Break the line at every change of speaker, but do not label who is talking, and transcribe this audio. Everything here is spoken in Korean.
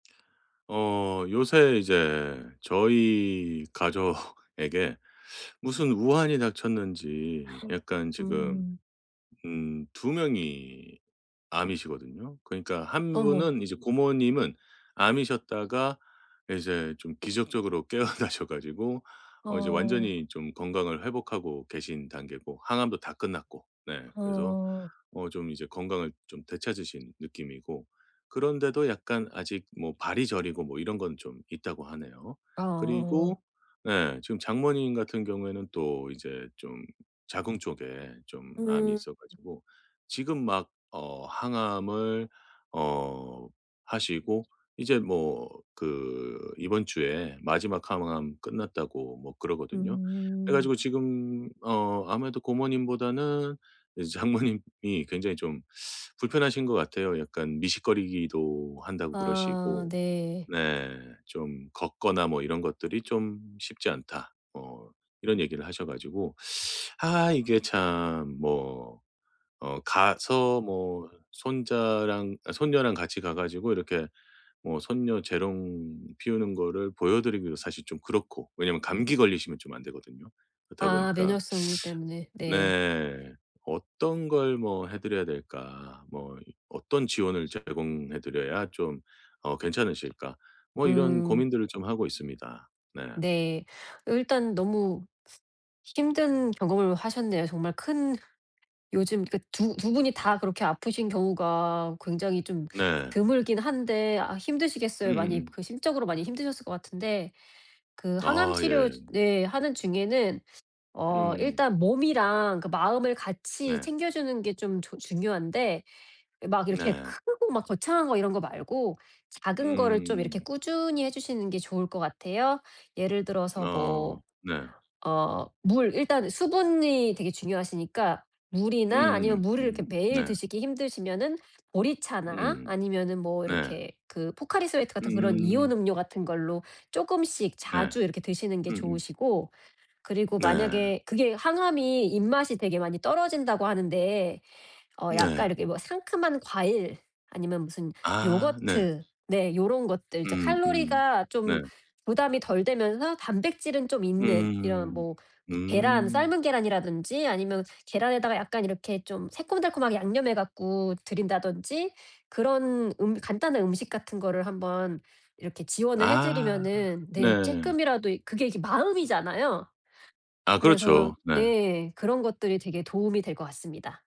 어 요새 이제 저희 가족에게 무슨 우한이 닥쳤는지 약간 지금
음.
음 2 명이 암이시거든요. 그러니까 한
어머.
분은 이제 고모님은 암이셨다가 이제 좀 기적적으로 깨어나셔 가지고 어 이제
어.
완전히 좀 건강을 회복하고 계신 단계고 항암도 다 끝났고. 네 그래서
어.
어 좀 이제 건강을 좀 되찾으신 느낌이고. 그런데도 약간 아직 뭐 발이 저리고 뭐 이런 건 좀 있다고 하네요.
어.
그리고 네 지금 장모님 같은 경우에는 또 이제 좀 자궁 쪽에 좀 암이
음.
있어 가지고 지금 막 어 항암을 어 하시고 이제 뭐 그 이번 주에 마지막 항암 끝났다고 뭐 그러거든요. 그래
음.
가지고 지금 어 아무래도 고모님보다는 이제 장모님이 굉장히 좀 불편하신 것 같아요. 약간 미식거리기도 한다고
아
그러시고.
네.
네 좀 "걷거나 뭐 이런 것들이 좀 쉽지 않다." 뭐 이런 얘기를 하셔 가지고. 아 이게 참 뭐 어 가서 뭐 손자랑 아 손녀랑 같이 가 가지고 이렇게 뭐 손녀 재롱 피우는 거를 보여드리기도 사실 좀 그렇고. 왜냐하면 감기 걸리시면 좀 안되거든요. 그렇다
아
보니까
면역성이기 때문에 네.
네 '어떤 걸 뭐 해 드려야 될까.' 뭐 '어떤 지원을 제공해 드려야 좀 어 괜찮으실까?' 뭐 이런
음.
고민들을 좀 하고 있습니다. 네.
네. 어 일단 너무 힘든 경험을 하셨네요. 정말 큰 요즘 그니까 두 두 분이 다 그렇게 아프신 경우가 굉장히 좀
네.
드물긴 한데 아 힘드시겠어요. 많이
음음음.
심적으로 많이 힘드셨을 것 같은데 그
아
항암치료
예.
네 하는 중에는 어
음음.
일단 몸이랑 그 마음을 같이
네.
챙겨주는 게 좀 저 중요한데 막 이렇게
네.
크고 막 거창한 거 이런 거 말고 작은 거를 좀 이렇게
음.
꾸준히 해 주시는 게 좋을 것 같아요. 예를 들어서
아
뭐
네.
어 물. 일단 수분이 되게 중요하시니까 물이나 아니면
음음음
물을 이렇게
음
매일
네.
드시기 힘드시면은 보리차나
음.
아니면은 뭐
네.
이렇게 그 포카리스웨트 같은 그런
음.
이온음료 같은 걸로 쪼금씩
네.
자주 이렇게 드시는 게
음음.
좋으시고. 그리고
네.
만약에 그게 항암이 입맛이 되게 많이 떨어진다고 하는데 어 약간
네.
이렇게 뭐 상큼한 과일, 아니면 무슨
아 네.
요거트. 네 요런 것들 이제
음음.
칼로리가
네.
좀 부담이 덜 되면서 단백질은 좀 있는 이런
음음음.
뭐 계란,
음.
삶은 계란이라든지 아니면 계란에다가 약간 이렇게 좀 새콤달콤하게 양념해 갖고 드린다든지 그런 음 간단한 음식 같은 거를 한번 이렇게 지원을 해
아
드리면은 네
네.
조금이라도 그게 이렇게 마음이잖아요.
아
그래서
그렇죠. 네.
예 그런 것들이 되게 도움이 될 것 같습니다.